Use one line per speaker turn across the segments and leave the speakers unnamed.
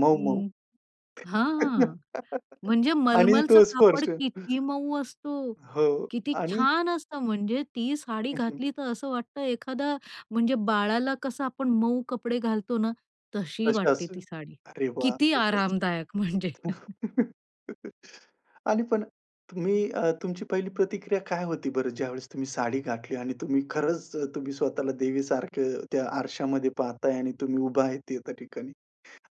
मऊ मऊ.
हं. हां. म्हणजे
आणि
मलमलचं
तो स्पर्श.
कापड किती मऊ असतं,
हो.
किती
आणि,
छान असतं. म्हणजे ती साडी
हं, हं.
घातली तर असं वाटतं, एखादं म्हणजे बाळाला कसं आपण मऊ कपडे घालतो ना, तशी वाटते
कशाचं?
ती साडी.
अरे वाह!
किती
खूपच.
आरामदायक म्हणजे.
आणि पण तुम्ही अ, तुमची पहिली प्रतिक्रिया काय होती बरं, ज्यावेळेस तुम्ही साडी घातली आणि तुम्ही खरंच तुम्ही स्वतःला देवीसारखं त्या आरशामध्ये पाहताय आणि तुम्ही उभा आहे त्या ठिकाणी?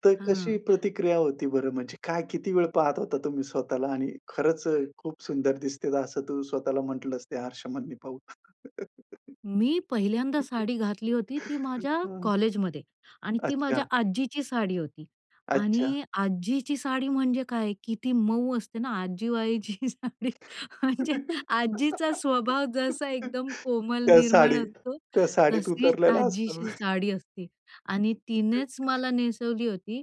तर कशी
हं.
प्रतिक्रिया होती बरं? म्हणजे काय, किती वेळ पाहत होता तुम्ही स्वतःला आणि खरंच खूप सुंदर दिसते असं तू स्वतःला म्हटलंय त्या आरशामध्ये पाहून?
मी पहिल्यांदा साडी घातली होती ती माझ्या कॉलेजमध्ये आणि ती माझ्या
अच्छा.
आजीची साडी होती.
अच्छा.
आणि आजीची साडी म्हणजे काय किती मऊ असते ना. आजीबाईची साडी म्हणजे आजीचा स्वभाव जसा एकदम कोमल,
त्या
निर्मळ
साडी
असतो,
त्या साडीत
तशीच
उतरलेला असतो.
आजीची साडी असते. आणि तिनेच
[unintelligible]
मला नेसवली होती.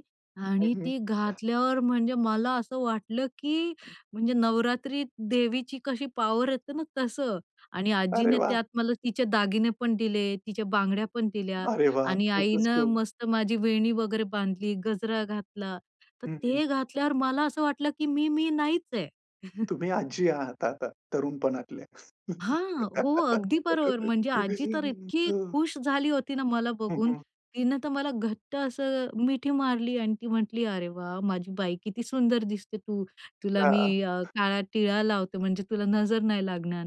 हं,
आणि ती
हं
घातल्यावर म्हणजे मला असं वाटलं की म्हणजे नवरात्री देवीची कशी पॉवर येते ना, तसं आणि
अरे
आजीने
वाह!
त्यात मला तिचे दागिने पण दिले, तिच्या बांगड्या पण दिल्या.
अरे वाह!
आणि
खूपच
आईनं
गोड.
मस्त माझी वेणी वगैरे बांधली, गजरा घातला. तर
हं, हं.
ते घातल्यावर मला असं वाटलं की मी मी नाहीच आहे.
तुम्ही आजी आहात आता तरुणपणातल्या.
हां. हो, अगदी बरोबर. म्हणजे
उगीच
आजी तर इतकी
[unintelligible]
खूश झाली होती ना मला
हं,
बघून.
हं.
तिनं तर मला घट्ट असं मिठी मारली आणि ती म्हटली, "अरे वाह! माझी बाई, किती सुंदर दिसते तू. तुला मी
हां.
काळा टिळा लावते, म्हणजे तुला नजर नाही लागणार."